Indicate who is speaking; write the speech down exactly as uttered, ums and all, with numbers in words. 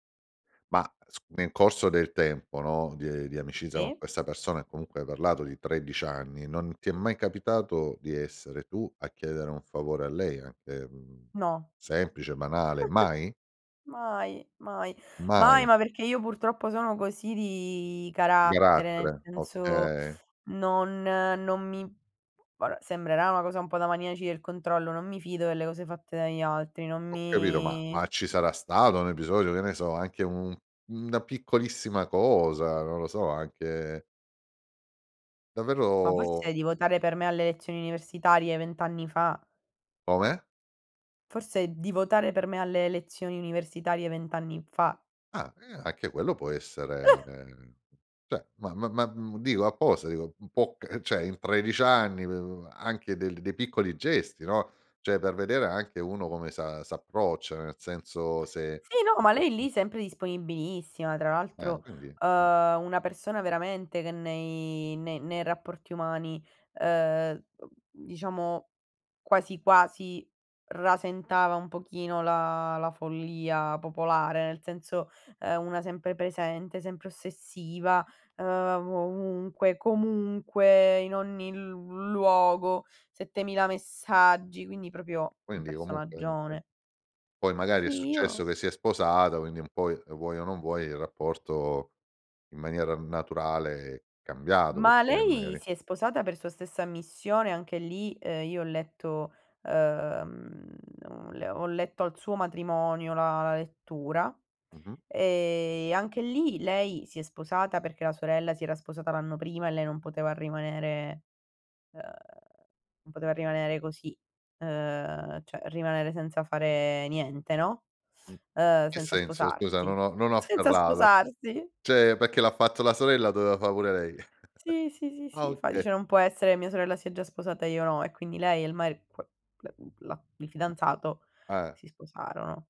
Speaker 1: Ma s nel corso del tempo, no, di ehm, di amicizia con
Speaker 2: Sì.
Speaker 1: questa persona e comunque hai parlato di tredici anni, non ti è mai capitato di essere tu a chiedere un favore a lei anche, mhmm,
Speaker 2: No.
Speaker 1: semplice, banale? Mai?
Speaker 2: Mai, mai. Mai
Speaker 1: Mai.
Speaker 2: ma perché io purtroppo sono così di carattere,
Speaker 1: garattere,
Speaker 2: senso
Speaker 1: okay.
Speaker 2: non non mi varè, sembrerà una cosa un po' da maniaci del controllo, non mi fido delle cose fatte dagli altri, non
Speaker 1: Ho capito ma
Speaker 2: mi
Speaker 1: ma ci sarà stato un episodio, che ne so, anche un una piccolissima cosa, non lo so, anche
Speaker 2: Ma
Speaker 1: Davvero
Speaker 2: forse di votare per me alle elezioni universitarie vent anni fa.
Speaker 1: Come?
Speaker 2: Forse di votare per me alle elezioni universitarie vent anni fa.
Speaker 1: Ah, e anche quello può essere, ceh, ma ma ma mhmm, dico apposta dico un po', c ehm, ceh in tredici anni, mhmm, anche del dei piccoli gesti, no, ceh da vedere anche uno come s'a s'approccia, nel senso se
Speaker 2: Sì, no, ma lei
Speaker 1: [unintelligible]
Speaker 2: lì sempre disponibilissima. Tra
Speaker 1: Ah
Speaker 2: l'altro,
Speaker 1: quindi mh.
Speaker 2: ehm, una persona veramente che nei ne ne rapporti umani, ehm, uhm, diciamo quasi quasi rasentava un pochino la la follia popolare, nel senso è una sempre presente, sempre ossessiva, ehm, vovunque, comunque, in ogni l luogo, settemila messaggi, quindi propio un
Speaker 1: Quindi comunque niente.
Speaker 2: personaggione.
Speaker 1: Poi magari è
Speaker 2: Sì,
Speaker 1: successo
Speaker 2: io
Speaker 1: che si è sposata, quindi un poi, e vuoi o non vuoi, il rapporto in maniera naturale è cambiato,
Speaker 2: Ma
Speaker 1: perché
Speaker 2: lei
Speaker 1: magari
Speaker 2: si è sposata per sua stessa ammissione. Anche lì, ehm, io ho letto ehm, le ho le ho ho letto al suo matrimonio la la lettura;
Speaker 1: Mh-mh.
Speaker 2: e anche lì lei si è sposata perché la sorella si era sposata l'anno prima e lei non poteva rimanere ehm, non poteva rimanere così, ehm, ceh rimanere senza fare niente, no,
Speaker 1: Mh.
Speaker 2: ehm,
Speaker 1: Che
Speaker 2: senza
Speaker 1: senso scusa?
Speaker 2: sposarsi.
Speaker 1: Non ho non ho
Speaker 2: Senza
Speaker 1: afferrato.
Speaker 2: sposarsi.
Speaker 1: ceh perché l'ha fatto la sorella doveva fa' pure lei.
Speaker 2: Sì, sì, sì,
Speaker 1: Ah,
Speaker 2: sì. Fa
Speaker 1: oka
Speaker 2: dice: "Non può essere, mia sorella si è già sposata e io no." E quindi lei e il mari [unintelligible] il
Speaker 1: Ah.
Speaker 2: fidanzato
Speaker 1: Ah, eh.
Speaker 2: si sposarono.